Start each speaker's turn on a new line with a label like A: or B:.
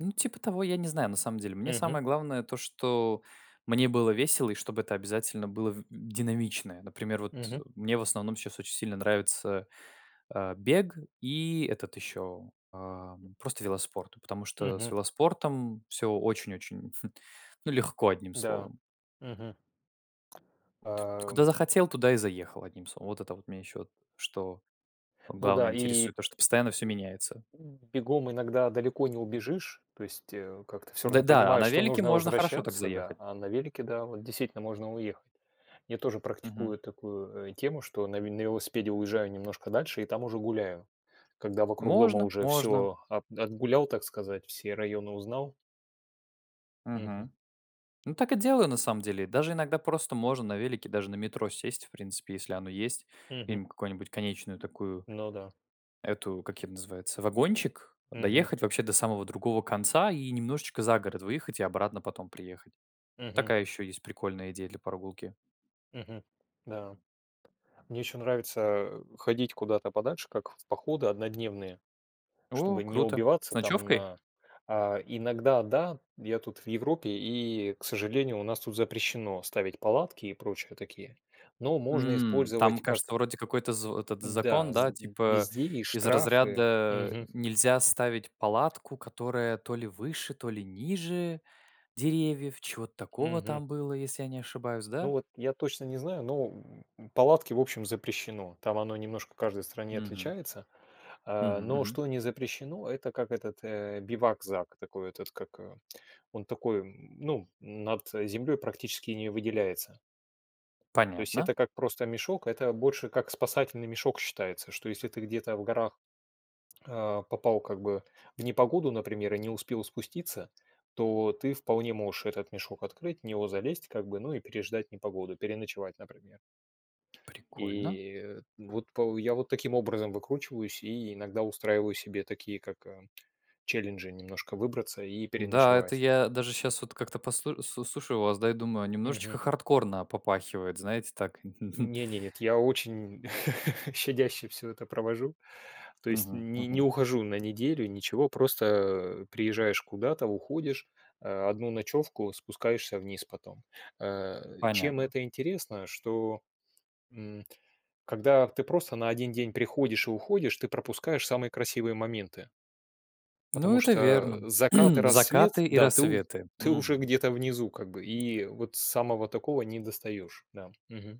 A: Ну типа того, я не знаю, на самом деле. Мне
B: Мгм.
A: самое главное то, что мне было весело и чтобы это обязательно было в динамичное. Например, вот, э,
B: Мгм.
A: мне в основном сейчас очень сильно нравится, а, бег и этот еще, а, просто велоспорт, потому что с
B: Мгм.
A: велоспортом всё очень-очень, ну легко, одним
B: Да.
A: словом.
B: Мгм.
A: Т куда
B: Ам.
A: захотел, туда и заехал, одним словом. Вот это вот меня еще что
B: Ну
A: главное
B: да, и
A: интересует, то, что постоянно всё меняется.
B: М, бегом иногда далеко не убежишь, то есть, э, как-то всё
A: Д
B: равно
A: да, а
B: понимаешь,
A: на
B: что
A: велике
B: нужно
A: можно хорошо так
B: возвращаться, да,
A: заехать.
B: а на велике, да, вот действительно можно уехать. Я тоже
A: Мгм.
B: практикую такую, э, тему, что на ве на велосипеде уезжаю немножко дальше и там уже гуляю. Когда вокруг дома
A: Можно,
B: уже
A: можно.
B: всё от отгулял, так сказать, все районы узнал. Мгм.
A: Мгм. Ну, так и делаю на самом деле. Даже иногда просто можно на велике, даже на метро сесть, в принципе, если оно есть.
B: Мгм.
A: Где-нибудь какое-нибудь конечную такую
B: Ну да.
A: эту как это ее называется, вагончик,
B: Мгм.
A: доехать вообще до самого другого конца и немножечко за город выехать и обратно потом приехать.
B: Мгм.
A: Такая еще есть прикольная идея для прогулки.
B: Мгм. Да. Мне еще нравится, э, ходить куда-то подальше, как в походы однодневные,
A: О,
B: чтобы не
A: круто. С
B: убиваться там
A: ночевкой?
B: на а иногда, да, я тут в Европе, и, к сожалению, у нас тут запрещено ставить палатки и прочие такие. Но можно
A: М. Там,
B: использовать как
A: кажется, вроде какой-то з этот
B: Да
A: закон, да,
B: з
A: типа
B: везде и
A: из
B: штрафы.
A: разряда
B: Мгм.
A: нельзя ставить палатку, которая то ли выше, то ли ниже деревьев, чего-то такого
B: Мгм.
A: там было, если я не ошибаюсь,
B: Ну
A: да?
B: вот я точно не знаю, но, м, палатки, в общем, запрещено. Там оно немножко в каждой стране
A: Мгм.
B: отличается.
A: Мгм,
B: А, но
A: мгм.
B: что не запрещено, это как этот, э, бивакзак. Такой этот как, э, он такой, м, ну, над, э, землей практически не выделяется. То есть
A: Понятно.
B: это как просто мешок, это больше как спасательный мешок считается, что если ты где-то в горах, а, попал как бы в непогоду, например, и не успел спуститься, то ты вполне можешь этот мешок открыть, в него залезть как бы, ну и переждать непогоду, переночевать например.
A: Прикольно.
B: И, э, вот пол я вот таким образом выкручиваюсь и иногда устраиваю себе такие как, э, челленджи немножко выбраться и
A: Да, это
B: переночевать.
A: я даже сейчас вот как-то посл слу слушаю вас, да и думаю, немножечко
B: Мгм.
A: хардкорно попахивает. Знаете так?
B: Не не нет, я очень щадяще всё это провожу. То есть
A: Мгм,
B: не не
A: мгм.
B: ухожу на неделю, ничего. Просто, а, приезжаешь куда-то, уходишь, а, 1 ночевку, спускаешься вниз потом. Э, чем
A: Понятно.
B: это интересно, что, м, когда ты просто на 1 день приходишь и уходишь, ты пропускаешь самые красивые моменты.
A: Ну
B: Потому
A: это
B: что
A: верно.
B: закат и
A: Закаты
B: рассвет,
A: и
B: да, ты у
A: рассветы.
B: ты уже
A: Мгм.
B: где-то внизу как бы, и вот самого такого не достаешь. Да, мгм.